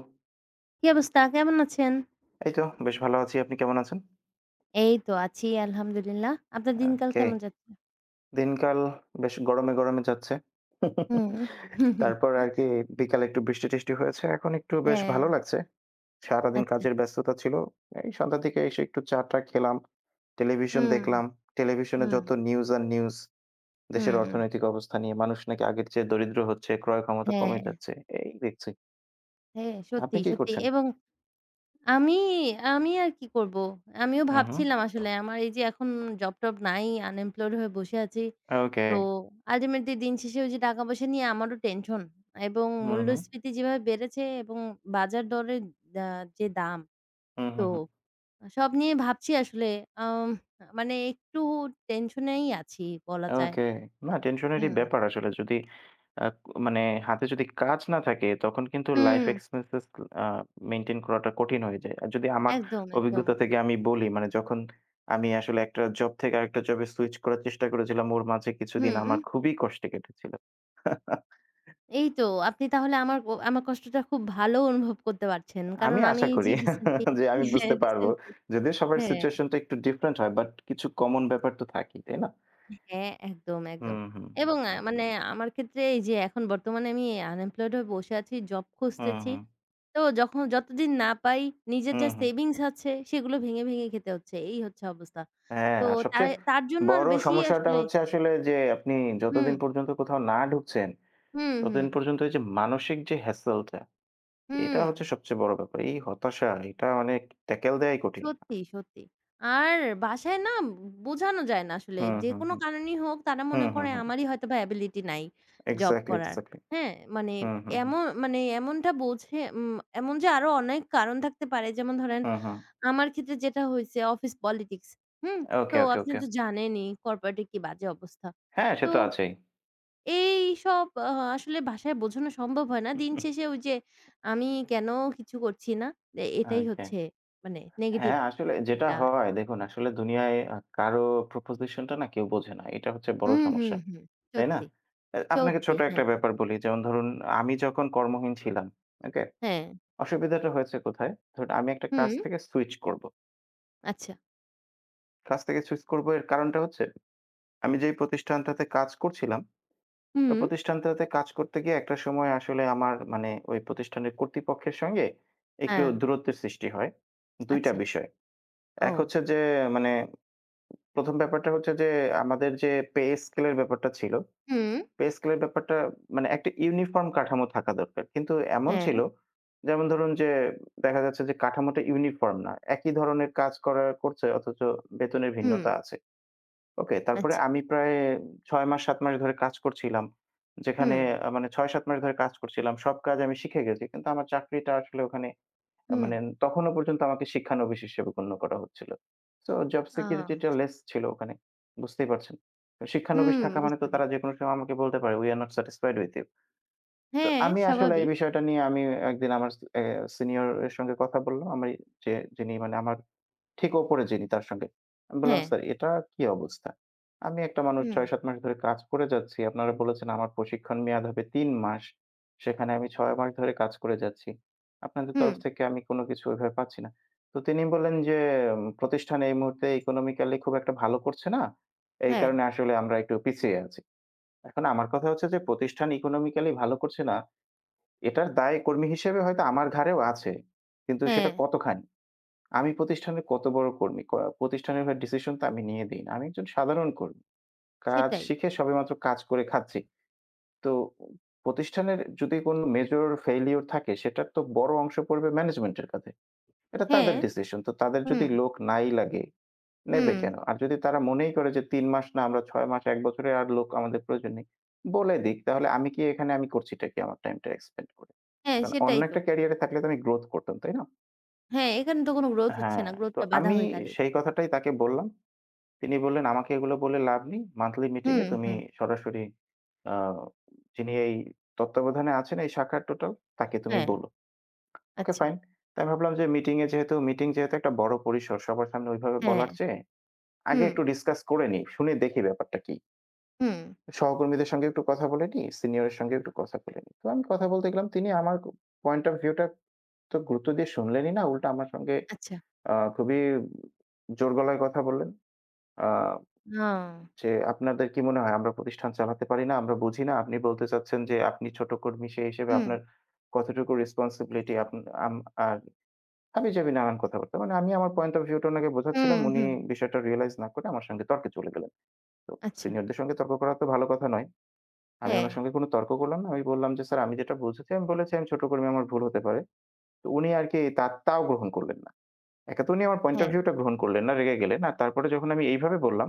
হুম। কী অবস্থা? কেমন আছেন? এই তো বেশ ভালো আছি। আপনি কেমন আছেন? এই তো আছি, আলহামদুলিল্লাহ। আপনার দিনকাল ওকে। কেমন যাচ্ছে? দিনকাল বেশ গরমে, গরমে যাচ্ছে। হুম। তারপর আরকি বিকালে একটু বৃষ্টি-টৃষ্টি হয়েছে। এখন একটু বেশ ভালো হ্যাঁ। লাগছে। সারাদিন আচ্ছা। কাজের ব্যস্ততা ছিল। এই সন্ধ্যার দিকে এসে, একটু চা-টা খেলাম। টেলিভিশন হুম। দেখলাম। টেলিভিশনে হুম। যত নিউজ আর নিউজ দেশের হুম। অর্থনৈতিক অবস্থা নিয়ে। মানুষ নাকি আগের চেয়ে দরিদ্র হচ্ছে, ক্রয় ক্ষমতা কমে হ্যাঁ। যাচ্ছে। এই দেখছি। হ্যাঁ। আপনি সত্যি, কি সত্যি করছেন? এবং আমি, আমি আর কি করব? আমিও হু, হুম। ভাবছিলাম আসলে, আমার এই যে এখন জব-টব নাই, আনএমপ্লয়েড হয়ে বসে আছি। তো, ওকে। আল্টিমেটলি দিন শেষে ওই যে টাকা-পয়সা নিয়ে আমারও টেনশন এবং হু, হুম। মূল্যস্ফীতি যেভাবে বেড়েছে এবং বাজার দরের যা যে দাম, হুম, তো হুম, হুম। সব নিয়ে ভাবছি আসলে, আম মানে একটু টেনশনেই আছি, বলা যায়। ওকে। না, টেনশনেরই হুম। ব্যাপার আসলে, যদি আ মানে হাতে যদি কাজ না থাকে, তখন কিন্তু লাইফ হুম। এক্সপেন্সেস আ মেইনটেইন করাটা কঠিন হয়ে যায়। আর, যদি আমার একদম, অভিজ্ঞতা একদম। থেকে আমি বলি, মানে যখন আমি আসলে একটা জব থেকে আরেকটা জবে সুইচ করার চেষ্টা করেছিলাম, ওর মাঝে কিছুদিন আমার হুম। খুবই কষ্টে কেটেছিল। এই তো, আপনি তাহলে আমার ব আমার কষ্টটা, খুব ভালো অনুভব করতে পারছেন। আমি কারণ, আমি আশা করি যে রিসেন্টলি যে, আমি হ্যাঁ, বুঝতে পারব। রিসেন্টলি যদিও সবার হ্যাঁ। সিচুয়েশনটা একটু ডিফারেন্ট হয়, বাট, কিছু কমন ব্যাপার তো থাকেই। তাই না? হ্যাঁ, একদম, একদম হুম, হুম। এবং আ মানে আমার ক্ষেত্রে এই যে এখন বর্তমানে আমি আনএমপ্লয়েড হয়ে বসে আছি, জব হুম, খুঁজতেছি। হুম। তো যখন যতদিন না পাই নিজের হুম, যা হুম। সেভিংস আছে সেগুলো ভেঙে, ভেঙে খেতে হচ্ছে। এই হচ্ছে অবস্থা। হ্যাঁ, তো, আর তায় সবচেয়ে তাঁর জন্য আর বড় বেশি সমস্যাটা আসলে হচ্ছে আসলে যে, আপনি যতদিন হুম। পর্যন্ত কোথাও না ঢুকছেন, হুম, ততদিন হুম। পর্যন্ত যে মানসিক যে হেসেলটা, এটা হচ্ছে হুম। সবচেয়ে বড় ব্যাপার। এই হতাশা এটা অনেক, ট্যাকল দেওয়াই কঠিন। সত্যি, সত্যি। আর, বাসায় না বোঝানো যায় না আসলে। হুম, হুম, যেকোনো হুম। কারণেই হোক, তারা মনে হুম, হুম, করে হুম। আমারই হয়তো এবিলিটি নাই, জব এক্সাক্টলি, করার। এক্সাক্টলি। হ্যাঁ? মানে, হুম, হুম, হুম। এমন মানে এমনটা বোঝে, উম এমন যে, আরো অনেক কারণ থাকতে পারে। যেমন ধরেন, হুম, হুম। আমার ক্ষেত্রে যেটা হইছে অফিস পলিটিক্স। হুম? তো ওকে, ওকে, আপনি ওকে। তো জানেনই, কর্পোরেট এর কি বাজে অবস্থা। হ্যাঁ, সে তো, তো আছেই। এইসব আ আসলে ভাষায় বোঝানো সম্ভব হয় না। দিন শেষে ওই যে, আমি কেন কিছু করছি না। এ এটাই ওকে। হচ্ছে মানে, নেগেটিভ হ্যাঁ, আসলে যেটা একটা হয়। দেখুন, আসলে দুনিয়ায় অ্যা কারো প্রপোজিশন টা না, কেউ বোঝে না। এটা হচ্ছে বড় হুম, সমস্যা। হুম। তাই না? সত্যি, অ্যা আপনাকে সত্যি। ছোট হ্যাঁ। একটা ব্যাপার বলি। যেমন ধরুন আমি যখন কর্মহীন ছিলাম, ওকে হ্যাঁ। অসুবিধাটা হয়েছে কোথায়? ধরুন, আমি একটা কাজ হুম। থেকে সুইচ করব। আচ্ছা। কাছ থেকে সুইচ করব এর কারণটা হচ্ছে আমি যেই প্রতিষ্ঠানটাতে কাজ করছিলাম। হুম। প্রতিষ্ঠানটাতে কাজ করতে গিয়ে একটা সময় আসলে আমার মানে ওই প্রতিষ্ঠানের কর্তৃপক্ষের সঙ্গে একটু হ্যাঁ। দূরত্বের সৃষ্টি হয়। ২ টা আচ্ছা। বিষয়ে। ১ ও! হচ্ছে যে মানে ১ম ব্যাপারটা হচ্ছে যে আমাদের যে পে স্কেল এর ব্যাপারটা ছিল হুম। পে স্কেল এর ব্যাপারটা মানে একটা ইউনিফর্ম কাঠামো থাকা দরকার। কিন্তু এমন হ্যাঁ। ছিল যেমন ধরুন যে দেখা যাচ্ছে যে কাঠামোটা ইউনিফর্ম না। একই ধরনের কাজ করার করছে অথচ বেতনের হুম। ভিন্নতা আছে। ওকে? তারপরে আচ্ছা। আমি প্রায় ৬ মাস ৭ মাস ধরে কাজ করছিলাম। যেখানে হুম। আ মানে ৬, ৭ মাস ধরে কাজ করছিলাম। সব কাজ আমি শিখে গেছি। কিন্তু আমার চাকরিটা আসলে ওখানে আ মানে হুম। তখনও পর্যন্ত আমাকে শিক্ষানবিশ হিসেবে গণ্য করা হচ্ছিল। সো জব ও! সিকিউরিটি টা আচ্ছা। লেস ছিল ওখানে। বুঝতেই পারছেন। শিক্ষানবিশ হুম, থাকা মানে তো বুঝতে তারা পারছি। যেকোনো সময় আমাকে বলতে পারে "we are not satisfied with you." তো হ্যাঁ, আমি আসলে এই স্বাভাবিক। বিষয়টা নিয়ে আমি একদিন আমার স আ সিনিয়রের সঙ্গে কথা বললাম। আমি যে যিনি মানে আমার ঠিক উপরে যিনি তার সঙ্গে। আমি বললাম হ্যাঁ। "স্যার এটা কি অবস্থা? আমি একটা মানুষ হুম। ৬, ৭ মাস ধরে কাজ করে যাচ্ছি। আপনারা বলেছেন আমার প্রশিক্ষণ মেয়াদ হবে ৩ মাস। সেখানে আমি ৬ মাস ধরে কাজ করে যাচ্ছি। আপনাদের তরফ হুম। থেকে আমি কোন কিছু ওইভাবে পাচ্ছি না।" তো তিনি বললেন যে, "প্রতিষ্ঠান এই মুহূর্তে ইকোনমিক্যালি খুব একটা ভালো করছে না। এই হ্যাঁ। কারণে আসলে আমরা একটু পিছিয়ে আছি।" এখন আমার কথা হচ্ছে যে প্রতিষ্ঠান ইকোনমিক্যালি ভালো করছে না। এটার দায় কর্মী হিসেবে হয়তো আমার ঘাড়েও আছে। কিন্তু সেটা হ্যাঁ। কতখানি? আমি প্রতিষ্ঠানের কত বড় কর্মী? ক প্রতিষ্ঠানের ডিসিশন তো আমি নিয়ে দেই না। আমি একজন সাধারণ কর্মী। কাজ সেটাই। শিখে সবেমাত্র কাজ করে খাচ্ছি। তো প্রতিষ্ঠানের যদি কোনো মেজর ফেইলিউর থাকে সেটার তো বড় অংশ পড়বে ম্যানেজমেন্ট এর কাধে। এটা হ্যাঁ। তাদের ডিসিশন, তো তাদের হুম। যদি লোক নাই লাগে, নেবে হুম। কেন? আর যদি তারা মনেই করে যে ৩ মাস না আমরা ৬ মাস, ১ বছরে আর লোক আমাদের প্রয়োজন নেই, বলে দিক। তাহলে আমি কি এখানে আমি করছিটা কি আমার টাইমটা এক্সপেন্ড করে? হ্যাঁ, কারণ অন্য সেটাই তো। একটা ক্যারিয়ারে থাকলে তো আমি গ্রোথ করতাম, তাই না? হ্যাঁ, এখানে তো কোনো গ্রোথ হচ্ছে হ্যাঁ, না। গ্রোথ তো টা বাধা আমি হয়ে দাঁড়িয়ে সেই কথাটাই তাকে বললাম। তিনি বললেন, "আমাকে এগুলো বলে লাভ নেই। মান্থলি মিটিং হুম, এ তুমি হুম। সরাসরি আ যিনি এই তত্ত্বাবধানে আছেন এই শাখার টোটাল, তাকে তুমি হ্যাঁ। বলো।" ওকে আচ্ছা। ফাইন। তাই আমি ভাবলাম যে মিটিং এ যেহেতু মিটিং যেহেতু একটা বড় পরিসর, সবার সামনে ওইভাবে হ্যাঁ। বলার চেয়ে আগে একটু হুম। ডিসকাস করে নিই। শুনে দেখি ব্যাপারটা কি? হুম। সহকর্মীদের সঙ্গে একটু কথা বলে নি। সিনিয়রের সঙ্গে একটু কথা বলে নিই। তো আমি কথা বলতে গেলাম। তিনি আমার ক পয়েন্ট অফ ভিউ টা তো গুরুত্ব দিয়ে শুনলেনই না। উল্টা আমার সঙ্গে আচ্ছা। আ খুবই জোর গলায় কথা বললেন। আ ও। যে আপনাদের কি মনে হয় আমরা প্রতিষ্ঠান চালাতে পারি না, আমরা বুঝি না। আপনি বলতে চাচ্ছেন যে আপনি ছোট কর্মী সেই হিসেবে আপনার হুম। কতটুকু রেসপনসিবিলিটি আপ আম আর হাবি-জাবি নানান কথা বার্তা। মানে আমি আমার পয়েন্ট অফ ভিউ টা ওনাকে হুম, বোঝাচ্ছিলাম উনি হুম। বিষয়টা রিয়ালাইজ না করে আমার সঙ্গে তর্কে চলে গেলেন। তো আচ্ছা। সিনিয়রদের সঙ্গে তর্ক করা তো ভালো কথা নয়। আমি হ্যাঁ। ওনার সঙ্গে কোনো তর্ক করলাম না। আমি বললাম যে স্যার আমি যেটা বুঝেছি, আমি বলেছি আমি ছোট কর্মী আমার ভুল হতে পারে। তো উনি আরকি তা তাও গ্রহণ করলেন না। এক তো উনি আমার পয়েন্ট অফ হ্যাঁ। ভিউ টা গ্রহণ করলেন না রেগে গেলেন। আর তারপরে যখন আমি এইভাবে বললাম,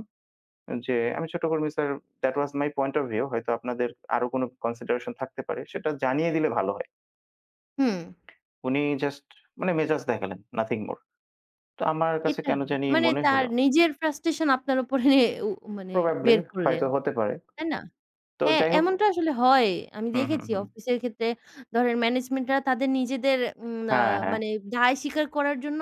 যে আমি ছোট কর্মী sir that was my point of view হয়তো আপনাদের আরো কোন কনসিডারেশন থাকতে পারে সেটা জানিয়ে দিলে ভালো হয়। হুম। উনি জাস্ট মানে মেজাজ দেখালেন nothing more। তো আমার কাছে এটা কেন না। জানি মানে মনে হল তার নিজের ফ্রাস্ট্রেশন আপনার উপরে উ মানে প্রবাবলি বের করলেন। হয়তো হতে পারে। তাই না? তো হ্যাঁ, যাই হোক এমনটা আসলে হয়। আমি হুম, হুম, দেখেছি হুম। অফিস এর ক্ষেত্রে ধরেন ম্যানেজমেন্ট রা তাদের নিজেদের উম আ হ্যাঁ, হ্যাঁ। মানে দায় স্বীকার করার জন্য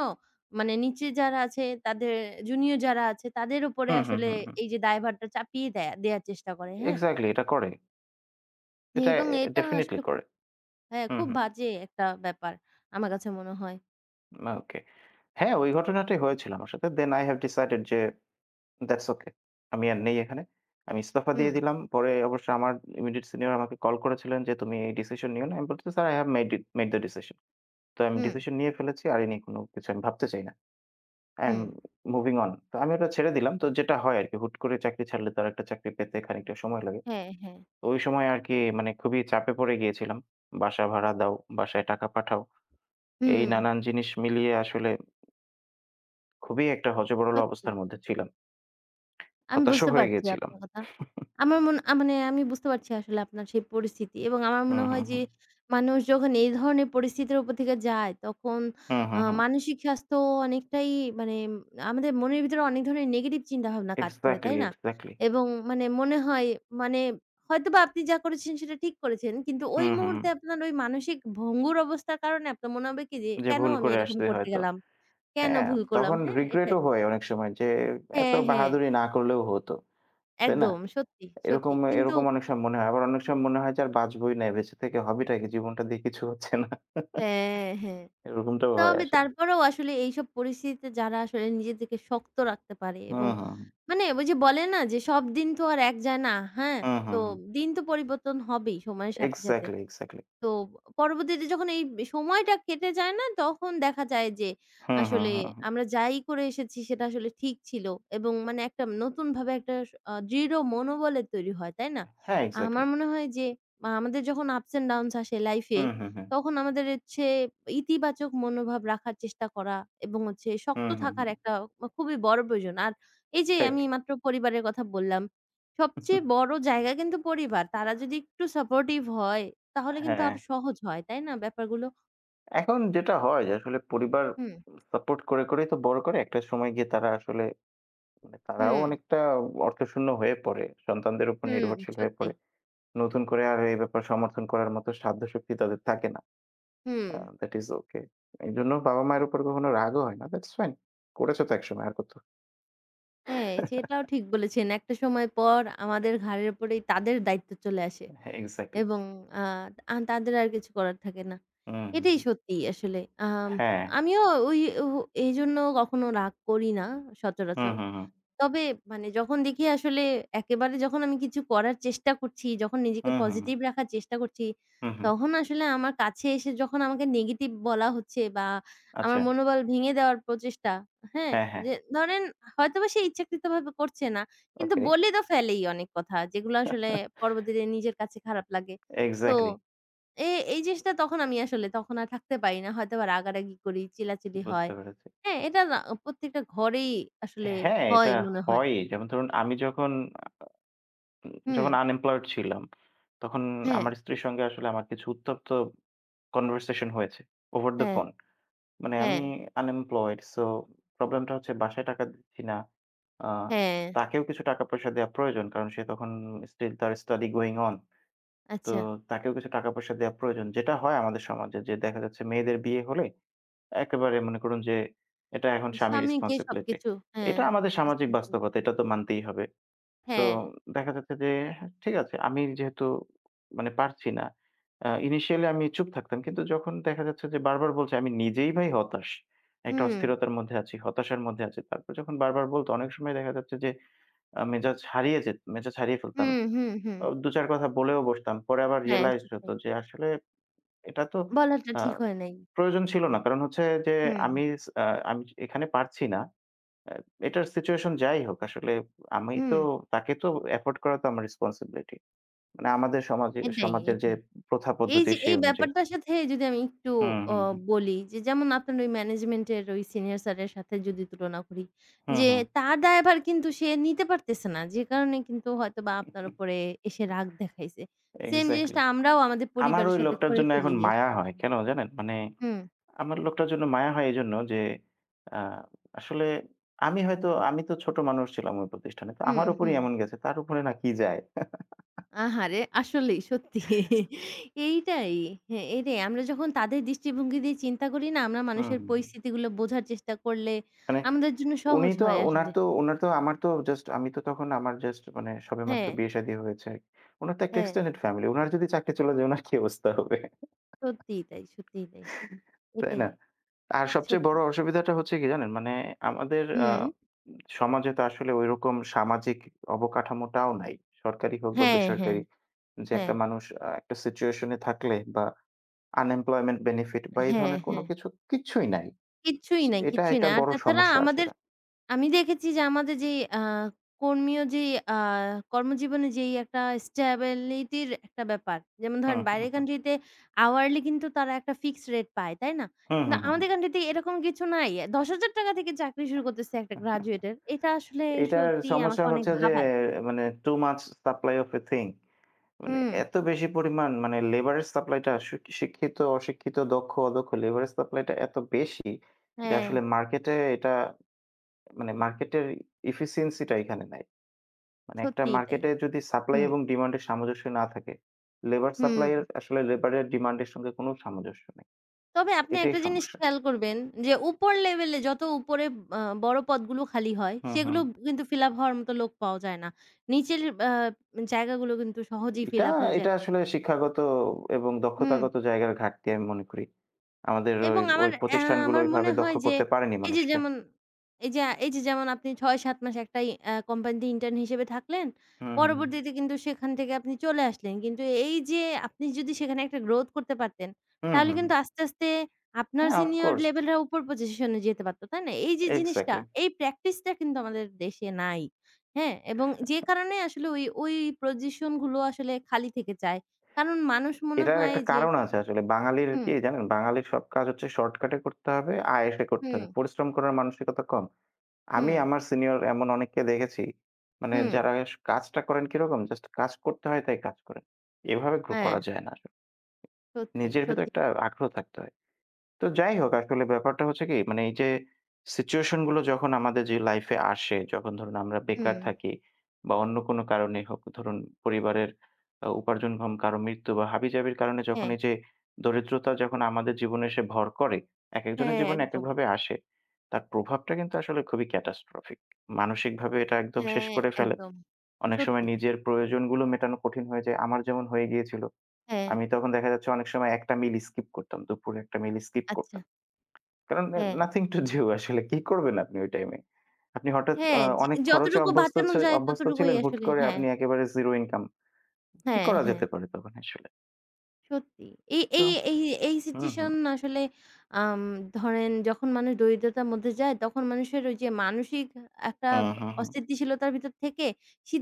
মানে নিচে যারা আছে তাদের জুনিয়র যারা আছে তাদের উপরে হুম, হুম, আসলে হুম, হুম। এই যে দায়ভারটা চাপিয়ে দেয়া দেয়ার চেষ্টা করে। হ্যাঁ। এক্সাক্টলি এটা করে। হ্যা, এটা এ এবং এটা ডেফিনিটলি আসলে করে। খুব হ্যাঁ হুম, খুব হুম। বাজে একটা ব্যাপার আমার কাছে মনে হয়। না ওকে। হ্যাঁ ওই ঘটনাটাই হয়েছিল আমার সাথে। then I have decided যে that's okay আমি আর নেই এখানে। আমি ইস্তফা দিয়ে হুম। দিলাম। পরে অবশ্য আমার ইমিডিয়েট সিনিয়র আমাকে কল করেছিলেন যে তুমি এই ডিসিশন নিও না। আমি বলছি Sir I have made made the decision তো আমি হুম। ডিসিশন নিয়ে ফেলেছি। আর এ নিয়ে কোন কিছু আমি ভাবতে চাই না। I am hmm. moving on তো আমি ওটা ছেড়ে দিলাম। তো যেটা হয় আরকি হুট করে চাকরি ছাড়লে তো আরেকটা চাকরি পেতে খানিকটা সময় লাগে। হ্যাঁ, হ্যাঁ। ওই সময় আর কি মানে খুবই চাপে পড়ে গিয়েছিলাম। বাসা ভাড়া দাও, বাসায় টাকা পাঠাও। এই হুম। নানান জিনিস মিলিয়ে আসলে খুবই একটা হযবরল সত্যি। অবস্থার মধ্যে [unintelligible] ছিলাম। আমি হতাশও বুঝতে হয়ে পারছি আপনার গিয়েছিলাম। কথা। আমার মনে মানে আমি বুঝতে পারছি আসলে আপনার সেই পরিস্থিতি এবং আমার হুম, মনে হুম, হয় যে হুম। মানুষ যখন এই ধরনের পরিস্থিতির উপর থেকে যায় তখন হুম, আ হুম, হুম। মানসিক স্বাস্থ্য অনেকটাই মানে আমাদের মনের ভিতরে অনেক ধরনের নেগেটিভ চিন্তাভাবনা কাজ করে। এক্সাক্টলি, তাই না? এক্সাক্টলি। এবং মানে মনে হয় মানে, হয়তোবা আপনি যা করেছেন সেটা ঠিক করেছেন। কিন্তু ওই হুম, হুম। মুহূর্তে আপনার ওই মানসিক ভঙ্গুর অবস্থার কারণে আপনার মনে হবে কি যে, যে কেন ভুল আমি করে এরকম আসছে করতে হয়তো। গেলাম, কেন হ্যাঁ, ভুল করলাম, তখন হ্যাঁ? রিগ্রেটও এটাই। হয় অনেক সময় যে এত হ্যাঁ, হ্যাঁ। বাহাদুরি না করলেও হত। তাই না? একদম সত্যি, এরকম, সত্যি, কিন্তু এরকম অনেক সময় মনে হয়। আবার অনেক সময় মনে হয় যে আর বাঁচবইনা। এ বেঁচে থেকে হবেটা কি? জীবনটা দিয়ে কিছু হচ্ছে না। হ্যাঁ, হ্যাঁ। এরকমটাও হয় তবে আসলে। তারপরেও আসলে এইসব পরিস্থিতিতে যারা আসলে নিজেদেরকে শক্ত রাখতে পারে হুম, এবং হুম। মানে, ঐ যে বলে না? যে সব দিন তো আর এক যায় না, হ্যাঁ? হুম, তো হুম, হুম। দিন তো পরিবর্তন হবেই সময়ের সাথে সাথে। Exactly, exactly. তো পরবর্তীতে যখন এই সময়টা কেটে যায় না, তখন দেখা যায় যে হুম, হুম, আসলে হুম, হুম। আমরা যাই করে এসেছি সেটা আসলে ঠিক ছিল এবং মানে একটা নতুনভাবে একটা আ দৃঢ় মনোবলের তৈরি হয়। তাই না? হ্যাঁ এক্সাক্টলি। আমার মনে হয় যে আ আমাদের যখন Ups and downs আসে হু, লাইফে হু, হু। তখন আমাদের হচ্ছে ইতিবাচক মনোভাব রাখার চেষ্টা করা এবং হচ্ছে হু, শক্ত হু, থাকার হু। একটা খুবই বড়ো প্রয়োজন আর এই যে আমি ঠিক। মাত্র পরিবারের কথা বললাম, সবচেয়ে বড় জায়গা কিন্তু পরিবার। তারা যদি একটু সাপোর্টিভ হয় তাহলে কিন্তু হ্যাঁ। আরো সহজ হয় তাই না ব্যাপারগুলো? এখন যেটা হয় যে আসলে পরিবার, হুম। সাপোর্ট করে করেই তো বড় করে। একটা সময় গিয়ে তারা আসলে, মানে তারাও হুম। অনেকটা অর্থশূন্য হয়ে পড়ে। সন্তানদের উপর হুম নির্ভরশীল হয়ে সত্যি। পড়ে। নতুন করে আর এ ব্যাপারে সমর্থন করার মত সাধ্যশক্তি তাদের থাকে না। আ হুম। That is okay. এইজন্য বাবা-মায়ের উপর কখনো রাগও হয় না। That's fine. করেছ তো একসময়। আর কত? হ্যাঁ সেটাও ঠিক বলেছেন। একটা সময় পর আমাদের ঘাড়ের উপরেই তাদের দায়িত্ব চলে আসে। হ্যাঁ এক্সাক্টলি। এবং আ আন তাদের আর কিছু করার থাকে না। উ হু, এটাই হু। সত্যি আসলে। আম হ্যাঁ। আমিও ওই ও এইজন্য কখনো রাগ করি না হু, সচরাচর। হু, হু। তবে মানে যখন দেখি আসলে একেবারে যখন আমি কিছু করার চেষ্টা করছি, যখন হু, নিজেকে হু, পজিটিভ হু। রাখার চেষ্টা করছি, হু, হু। তখন আসলে আমার কাছে এসে যখন আমাকে নেগেটিভ বলা হচ্ছে, বা আমার আচ্ছা। মনোবল ভেঙে দেওয়ার প্রচেষ্টা। হ্যাঁ? হ্যাঁ, হ্যাঁ। যে ধরেন, হয়তোবা সে ইচ্ছাকৃত ভাবে করছে না। কিন্তু ওকে। বলে তো ফেলেই অনেক কথা। যেগুলা আসলে পরবর্তীতে নিজের কাছে খারাপ লাগে। তো, এক্সাক্টলি। এ এই জিনিসটা তখন আমি আসলে তখন আর থাকতে পারি না। হয়তো আবার রাগারাগি করি, চিল্লাচিলি হয়। বুঝতে পেরেছি। হ্যাঁ? এটা না প্রত্যেকটা ঘরেই আসলে হ্যাঁ, এটা হয় মনে হয়। হয়ই। যেমন ধরুন আমি যখন, যখন হুম। আনএমপ্লয়েড ছিলাম। তখন হ্যাঁ। আমার স্ত্রীর সঙ্গে আসলে আমার কিছু উত্তপ্ত কনভারসেশন হয়েছে। ওভার দ্যা হ্যাঁ। ফোন। মানে হ্যাঁ। আমি আনএমপ্লয়েড সো প্রবলেম টা হচ্ছে বাসায় টাকা দিচ্ছি না। আ হ্যাঁ। তাকেও কিছু টাকা-পয়সা দেয়া প্রয়োজন কারণ, সে তখন স্টিল তার study going on তো, আচ্ছা। তাকেও কিছু টাকা-পয়সা দেয়া প্রয়োজন যেটা হয় আমাদের সমাজে। যে দেখা যাচ্ছে মেয়েদের বিয়ে হলে একেবারে মনে করুন যে, এটা এখন স্বামীর স্বামীকে রেসপনসিবিলিটি। সবকিছু। হ্যাঁ, এটা আমাদের সামাজিক রেসপন্সিবল। বাস্তবতা, এটা তো মানতেই হবে। তো, হ্যাঁ। দেখা যাচ্ছে যে হ্যাঁ ঠিক আছে আমি যেহেতু মানে পারছি না। আ ইনিশিয়ালী আমি চুপ থাকতাম, কিন্তু যখন দেখা যাচ্ছে যে বারবার বলছে আমি নিজেই ভাই হতাশ। একটা হুউম। অস্থিরতার মধ্যে আছি, হতাশার মধ্যে আছি। তারপর যখন বারবার বলতো অনেক সময় দেখা যাচ্ছে যে, আ মেজাজ হারিয়ে যেত মেজাজ হারিয়ে হু, ফেলতাম। হু, হু। ২ ৪ কথা বলেও বসতাম। পরে আবার হ্যাঁ, রিয়ালাইজড সত্য। হতো যে আসলে এটা তো বলাটা আ ঠিক হয় নাই। প্রয়োজন ছিল না। কারণ হচ্ছে যে হুম। আমি স অ্যা আমি এখানে পারছি না। অ্যা এটার সিচুয়েশন যাই হোক আসলে আমি তো হুম। তাকে তো এফোর্ড করা তো আমার রেসপনসিবিলিটি। মানে আমাদের সমাজে এটাই, সমাজের যে এটাই। প্রথা এই পদ্ধতি যে এই সেই অনুযায়ী। ব্যাপারটার সাথে যদি আমি একটু হু, অ হু, হু। বলি যে, যেমন আপনার ওই ম্যানেজমেন্ট এর ওই সিনিয়র স্যার এর সাথে যদি তুলনা করি। হুম, যে হুম। তার দায়ভার কিন্তু সে নিতে পারতেছে না। যে কারণে কিন্তু হয়তোবা আপনার উপরে এসে রাগ দেখাইছে। সেম এক্সাক্টলি জিনিসটা আমরাও আমাদের আমার ঐ পরিবারের সাথে লোকটার করে জন্য ফেলি এখন মায়া আরকি। হয়। কেন জানেন? মানে হুম। আমার লোকটার জন্য মায়া হয় এইজন্য যে আ আসলে আমি হয়তো, আমি তো ছোট মানুষ ছিলাম ওই প্রতিষ্ঠানে। তো হুম, আমার উপরেই হুম। এমন গেছে তার উপরে না কি যায়? আহারে! আসলেই সত্যি, এইটাই, হ্যাঁ এইটাই, আমরা যখন তাদের দৃষ্টিভঙ্গি দিয়ে চিন্তা করি না? আমরা হু, মানুষের হু, হু। পরিস্থিতিগুলো বোঝার চেষ্টা করলে, মানে, আমাদের জন্য উনি সহজ তো, হয় ওনার আসলে। তো ওনার তো, আমার তো জাস্ট আমি তো তখন আমার জাস্ট মানে সবে মাত্র হ্যাঁ। বিয়ে-শাদী হয়েছে আরকি। ওনার তো একটা হ্যাঁ। Extended family. ওনার যদি চাকরী চলে যায় ওনার কি অবস্থা হবে? সত্যিই তাই, সত্যিই তাই। তাই এটাই। না? আর সবচেয়ে সত্যি। বড় অসুবিধাটা হচ্ছে কি জানেন? মানে আমাদের আ হুম। সমাজে তো আসলে ঐরকম সামাজিক অবকাঠামোটাও নাই। সরকারি হোক বা হ্যাঁ, হ্যাঁ। বেসরকারি, যে একটা হ্যাঁ। মানুষ আ একটা সিচুয়েশন এ থাকলে বা unemployment benefit বা এই হ্যাঁ, ধরনের কোন হ্যাঁ। কিছু কিচ্ছুই নাই। কিচ্ছুই সো নাই, এটা কিচ্ছুই একটা নাই। আর বড় তাছাড়া সমস্যা আমাদের আসলে। আমি দেখেছি যে আমাদের যেই আ কর্মী যেই আ কর্মজীবনে যেই একটা স্ট্যাবিলিটি র একটা ব্যাপার। যেমন হু, ধরেন হু, বাইরের হু। কান্ট্রি তে আওয়ারলি কিন্তু তারা একটা ফিক্সড রেট পায়। তাই না? হু, হু, না হু, আমাদের হু। কান্ট্রি তে এরকম কিছু নাই। ৳১০০০০ থেকে চাকরি শুরু করতেছে একটা গ্র্যাজুয়েটর। এটা আসলে এটার সত্যিই আমাকে সমস্যা অনেক হচ্ছে যে ভাবায়। মানে too much supply of a thing মানে হুম। এত বেশি পরিমাণ মানে লেবার এর সাপ্লাইটা আশু কি শিক্ষিত অশিক্ষিত দক্ষ অদক্ষ লেবার এর সাপ্লাই টা এত বেশি। যে হ্যাঁ। আসলে মার্কেটে এটা, মানে মার্কেটের effeciency টা এখানে নাই। মানে একটা সত্যিই তাই। মার্কেটে যদি সাপ্লাই হুম। এবং ডিমান্ড এর সামঞ্জস্য না থাকে, লেবার সাপ্লাই হুম। আসলে লেবারের ডিমান্ড এর সঙ্গে কোন সামঞ্জস্য নেই। তবে আপনি এটাই একটা জিনিস সমস্যা। খেয়াল করবেন, যে উপর লেভেল এ যত উপরে আ বড় পদগুলো খালি হয়। হুম, হুম। সেগুলো কিন্তু ফিল আপ হওয়ার মত লোক পাওয়া যায় না। নিচের আ জায়গাগুলো কিন্তু সহজেই এটা, ফিল আপ হয়ে যায়। এটা আসলে শিক্ষাগত এবং হুম। দক্ষতাগত জায়গার ঘাটতি আমি মনে করি। আমাদের ওই, এবং আমার, ওই অ্যা প্রতিষ্ঠানগুলো আমার মনে ঐভাবে দক্ষ হয় যে, করতে পারেনি এই যে মানুষকে। যেমন, এই যে এই যে যেমন আপনি ৬ ৭ মাস একটাই আ কোম্পানিতে ইন্টার্ন হিসেবে থাকলেন। হুম, হুম, হুম। পরবর্তীতে কিন্তু সেখান থেকে আপনি চলে আসলেন। কিন্তু এই যে আপনি যদি সেখানে একটা গ্রোথ করতে পারতেন, হুম, তাহলে হুম, হুম। কিন্তু আস্তে, আস্তে আপনার হ্যাঁ, ওফ সিনিয়র কোর্স। লেভেল রা উপর পজিশনে যেতে পারত। তাই না? এই যে জিনিসটা এক্সাক্টলি। এই প্র্যাকটিস টা কিন্তু আমাদের দেশে নাই। হ্যাঁ? এবং যে কারণে আসলে ওই, ওই পজিশন গুলো আসলে খালি থেকে চায়। কারণ মানুষ মনে এটার হয় একটা যে কারণ আছে আসলে। বাঙালির হুম। কি জানেন? বাঙালির সব কাজ হচ্ছে শর্টকাটে করতে হবে, আয়েশে করতে হবে। হুম। পরিশ্রম করার মানসিকতা কম। আমি হুম। আমার সিনিয়র এমন অনেককে দেখেছি, মানে হুম। যারা কাজটা করেন কিরকম জাস্ট কাজ করতে হয় তাই কাজ করেন। এভাবে করে হ্যাঁ। করা যায় না। সত্যি, নিজের ভেতর সত্যি। একটা আগ্রহ থাকতে হয়। তো যাই হোক আসলে ব্যাপারটা হচ্ছে কি মানে এই যে, সিচুয়েশন গুলো যখন আমাদের যে লাইফে আসে, যখন ধরুন আমরা হুম। বেকার থাকি। বা অন্য কোনো কারণেই হোক ধরুন, পরিবারের আ উপার্জন ক্ষম কারো মৃত্যু বা হাবিজাবির কারণে যখন হ্যাঁ। এই যে, দরিদ্রতা যখন আমাদের জীবনে এসে ভর করে, একেক জনের হ্যাঁ, জীবনে একদম। একেকভাবে আসে। তার প্রভাবটা কিন্তু আসলে খুবই catastrophic মানসিকভাবে এটা একদম শেষ হ্যাঁ, করে ফেলে। একদম। অনেক সময় সত্যি। নিজের প্রয়োজনগুলো মেটানো কঠিন হয়ে যায়। আমার যেমন হয়ে গিয়েছিল। হ্যাঁ। আমি তখন দেখা যাচ্ছে অনেক সময় একটা মিল স্কিপ করতাম। দুপুরে একটা মিল স্কিপ আচ্ছা। করতাম। কারণ হ্যাঁ। নথিং টু ডু আসলে কি করবেন আপনি ওই টাইমে। আপনি হঠাৎ হ্যাঁ, অ জি অনেক খরচে যতটুকু অভ্যস্ত বাঁচানো ছ যায় অভ্যস্ত ততটুকুই ছিলেন। হুট আসলে, করে হ্যাঁ। আপনি একেবারে জিরো ইনকাই। কি হ্যাঁ, করা হ্যাঁ। যেতে পারে তখন আসলে? সত্যি। এই তো এই এই এই, হুম, সিচুয়েশন হুম। আসলে আম ধরেন যখন মানুষ দরিদ্রতার মধ্যে যায় তখন মানুষের ওইযে মানসিক একটা হু, হু, হু। অস্থিতিশীলতার ভিতর থেকে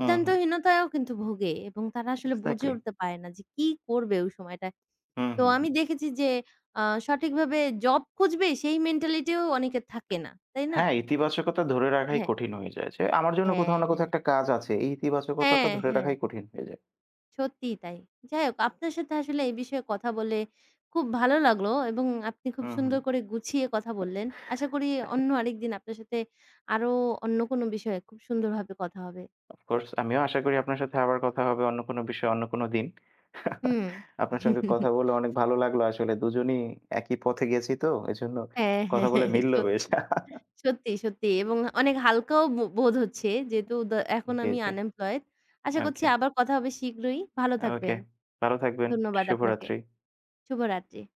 হুম, হুম। কিন্তু ভোগে। এবং তারা আসলে বুঝে এক্সাক্টলি। উঠতে পারে না যে কি করবে ওই সময়টায়। হুম, তো হুম, আমি হুম। দেখেছি যে আ সঠিকভাবে জব খুঁজবে সেই মেন্টালিটি ও অনেকের থাকে না। তাই না? হ্যাঁ, ইতিবাচকতা ধরে রাখাই হ্যাঁ। কঠিন হয়ে যায়। যে আমার জন্য হ্যাঁ, কোথাও না কোথাও হ্যাঁ। একটা কাজ আছে। এই ইতিবাচকতাটা হ্যাঁ, ধরে রাখাই হ্যাঁ। কঠিন হয়ে যায়। সত্যিই তাই। যাই হোক আপনার সাথে আসলে এই বিষয়ে কথা বলে খুব ভালো লাগলো এবং আপনি খুব হুম, হুম। সুন্দর করে গুছিয়ে কথা বললেন। আশা করি অ্যা অন্য আরেকদিন আপনার সাথে আরো অন্য কোন বিষয়ে খুব সুন্দরভাবে কথা হবে। অফ কোর্স আমিও আশা করি আপনার সাথে আবার কথা হবে, অন্য কোন বিষয়ে, অন্য কোন দিন। হুম। আপনার সঙ্গে কথা বলে অনেক ভালো লাগলো আসলে। দুজনেই একই পথে গেছি তো। এজন্য হ্যাঁ, হ্যাঁ, কথা বলে মিলল বেশ। সত্যি, সত্যি, সত্যি এবং অনেক হালকাও বো বোধ হচ্ছে। যেহেতু দ এখন জ্বী, আমি জ্বী। আনএমপ্লয়েড আশা করছি ওকে। আবার কথা হবে শীঘ্রই। ভালো ওকে থাকবেন। ভালো থাকবেন। ধন্যবাদ আপনাকে। শুভরাত্রি। শুভরাত্রি।